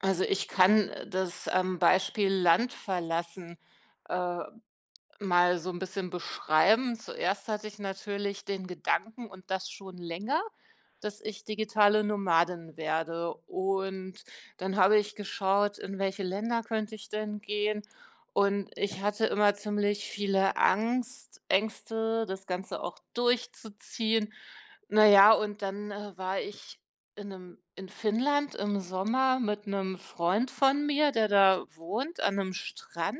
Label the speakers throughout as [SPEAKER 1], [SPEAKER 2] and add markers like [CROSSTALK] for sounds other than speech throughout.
[SPEAKER 1] Also, ich kann, äh, das, ähm, Beispiel: Land verlassen, äh, mal so 'n bisschen beschreiben. Zuerst hatte ich natürlich den Gedanken und das schon länger, dass ich digitale Nomadin werde und dann habe ich geschaut, in welche Länder könnte ich denn gehen und ich hatte immer ziemlich viele Angst Ängste das Ganze auch durchzuziehen. Na ja und dann, äh, war ich in ’nem in Finnland im Sommer mit 'nem Freund von mir, der da wohnt an 'nem Strand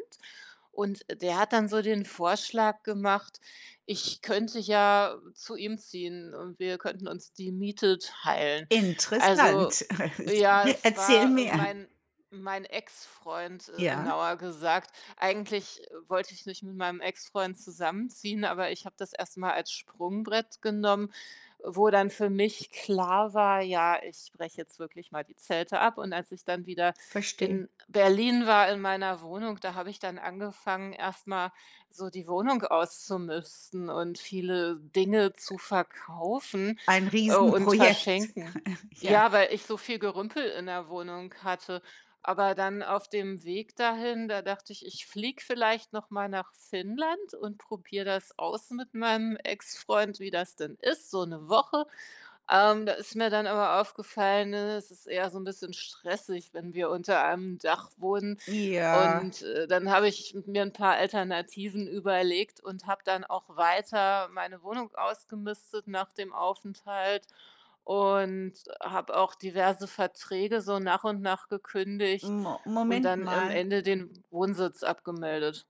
[SPEAKER 1] und der hat dann so den Vorschlag gemacht, ich könnte ja zu ihm ziehen und wir könnten uns die Miete teilen. Also
[SPEAKER 2] Interessant. [CHUCKLES]
[SPEAKER 1] ja, es
[SPEAKER 2] Erzähl
[SPEAKER 1] war, ähm,
[SPEAKER 2] mehr.
[SPEAKER 1] mein mein Ex-Freund, äh,
[SPEAKER 2] Ja.
[SPEAKER 1] genauer gesagt. Eigentlich, äh, wollte ich nicht mit meinem Ex-Freund zusammenziehen, aber ich habe das erst mal als Sprungbrett genommen, wo dann für mich klar war, ja, ich breche jetzt wirklich mal die Zelte ab und als ich dann wieder
[SPEAKER 2] Verstehe.
[SPEAKER 1] in Berlin war in meiner Wohnung, da habe ich dann angefangen, erst mal so die Wohnung auszumisten und viele Dinge zu verkaufen,
[SPEAKER 2] Ein
[SPEAKER 1] äh, und
[SPEAKER 2] Riesenprojekt.
[SPEAKER 1] verschenken.
[SPEAKER 2] [CHUCKLES] Ja.
[SPEAKER 1] Ja, weil ich so viel Gerümpel in der Wohnung hatte. Aber dann auf dem Weg dahin, da dachte ich, ich fliege vielleicht noch mal nach Finnland und probiere das aus mit meinem Ex-Freund, wie das denn ist, so 1 Woche. Ähm, da ist mir dann aber aufgefallen, ne, es ist eher so 'n bisschen stressig, wenn wir unter einem Dach wohnen
[SPEAKER 2] Ja.
[SPEAKER 1] und, äh, dann habe ich mir 'n paar Alternativen überlegt und habe dann auch weiter meine Wohnung ausgemistet nach dem Aufenthalt und habe auch diverse Verträge so nach und nach gekündigt
[SPEAKER 2] Mo
[SPEAKER 1] und
[SPEAKER 2] Moment
[SPEAKER 1] dann am
[SPEAKER 2] mal.
[SPEAKER 1] Ende den Wohnsitz abgemeldet.